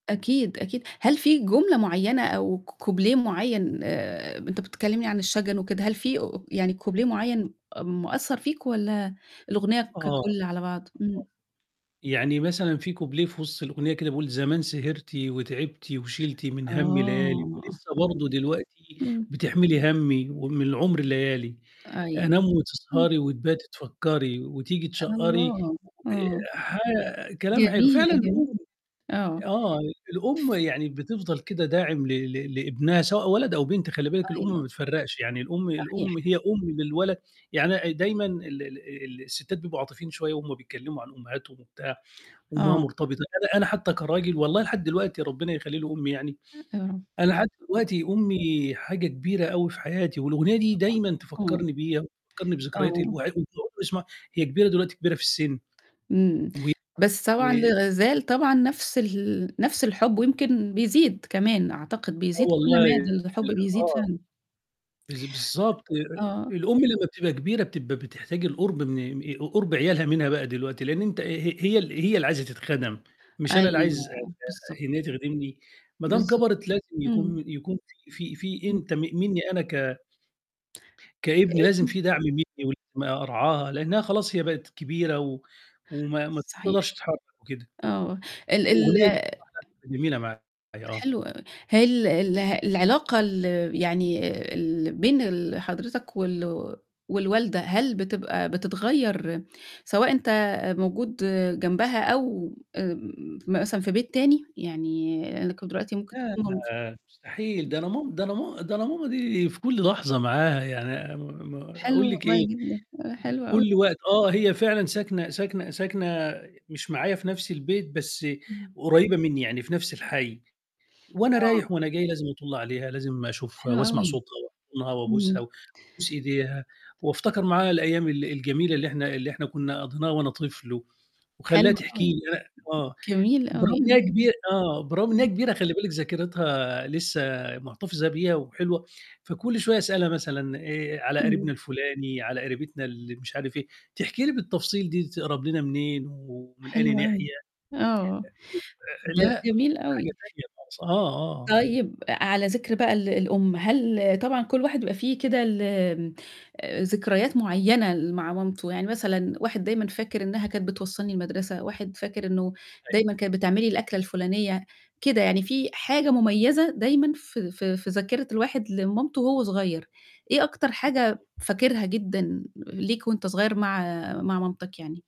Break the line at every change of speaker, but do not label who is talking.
أكيد، أكيد. هل في جملة معينة أو ك كوبليه معين آآ ب أنت كنت بتكلمني عن الشجن وكده، هل في أ يعني كوبليه معين م مأثّر فيك، والّا
آه.
الأغنية
[unintelligible]
ككل على بعض؟ امم.
يعني مثلًا في كوبليه في وسط الأغنية كده بيقول زمان سهرتِ وتعبتِ وشلتِ من همّي ليالي
آه،
ولسه
أيوه.
برضه دلوقتي
امم.
بتحملي همّي ومن العُمر ليالي،
أيوه،
أنام
امم.
وتسهري وتباتي تفكري وتيجي تشقّري
الله! آه.
آآ ح كلام حلو،
جميلة،
فعلًا
جمي
الأم
آه.
آه، الأم
ف
يعني بتفضل كده داعم ل ل لابنها سوتء ولد أو بنت، خلّي بالِك الأم ما
أيوه.
بتفرّقش، يعني الأم
صحيح.
الأم هي أم للولد يعني أ ديمًا ال ال الستّات بيبقوا عاطفيين شوية وهم بيتكلموا عن أمهاتهم وبتاع، وأمها
آه.
مرتبطة أنا أنا حتى كراجل والله لحد دلوقتي ربنا يخلّي لي أمي يعني،
آه.
أنا حتى دلوقتي أمي حاجة كبيرة أوي في حياتي والأغنية دي
طبعًا،
ديمًا
امم.
تفكرني بيها وتفكرني بذكريات
آه.
الواح [unintelligible] هي كبيرة دلوقتي كبيرة في السن.
امم. بس طبعًا
[unintelligible]
لازال طبعًا نفس ال نفس الحب، ويمكن بيزيد كمان أعتقد،
آه
بيزيد كل
والله
مادة، الحب بيزيد
آه.
فعلًا.
بالض بالضبط، أ أ
آه.
الأم لمّا بتبقى كبيرة بتبقى بتحتاج القرب من آآ ق قرب عيالها منها بقى دلوقتي، لأن أنت ه هي هي ال هي اللي عايزة تتخَدم، مش أنا اللي
أيوه،
عايز
آه،
أت إن
بالضبط.
هي تخدمني، ما دام
بالضبط.
كبرت لازم
امم.
يكون يكون في في في
امم.
أنت م مني أنا ك كابن لازم في دعم
[unintelligible]
مني [unintelligible] م أرعاها، لأنها خلاص هي بقِت كبيرة و وما ما
صحيح.
تقدرش تتحرك وكده.
آه. ال ال
الأغنية دي [unintelligible] جميلة معايا، آه.
حلو أوي. هي ال اله العلاقة ال يعني اللي بين ال حضرتك والو والوالدة، هل بتبقى بتتغير سواء أنت أ موجود جنبها أو آآ م مثلًا في بيت تاني؟ يعني لإنكم دلوقتي ممكن
لا،
تكونوا
لا مستحيل،
[unintelligible]
ده أنا مام ده أنا ما ده أنا ماما دي في كل لحظة معاها، يعني م م
حلو
أقول لِك إيه؟
والله جدًا، آه، حلو أوي.
كل وقت آه، هي فعلًا ساكنة ساكنة ساكنة مش معايا في نفس البيت، بس
إمم.
قريبة مني، يعني في نفس الحي. وأنا
آه.
رايح وأنا جاي لازم أطُل عليها، لازم أشوفها
حلو
وأسمع
أوي.
صوتها وأحضنها وأبوسها
امم.
وأبوس إيديها، وافتكر معاها الأيام ال الجميلة اللي إحنا اللي إحنا كنا قضيناها وأنا طِفل و وأخليها
حلو
تحكي لي
أوي.
[unintelligible] آه،
جميل أوي،
بالرغم إن هي
امم.
كبيرة آه، بالرغم إن هي
إمم.
كبيرة خلّي بالِك ذاكرتها لسه محتفظة بيها وحلوة، فكل شوية أسألها مثلًا آآ على
إمم.
قريبنا الفلاني، على قريبتنا اللي مش عارف إيه، تحكي لي بالتفصيل دي تقرب لنا منين ومن أي
حلو
ناحية
أوي. آه.
آآ
ب
آآ آآ لأ،
جميل
حاجة
أوي.
تانية خالص، آه، آه، آه.
طيب أ أ على ذكر بقى ال الأم، هل طبعًا كل واحد يبقى في كده ال آآ ذكريات معينة اللي مع مامته، يعني مثلًا واحد دايمًا فاكر إنها كانت بتوصلني المدرسة، واحد فاكر إنه
أيوه.
دايمًا كانت بتعمل لي الأكلة الفلانية، كده يعني في حاجة مميزة دايمًا في في في ذاكرة الواحد لمامته وهو صغير، إيه أكتر حاجة فاكرها جدًا ليك وأنت صغير مع مع مامتك يعني؟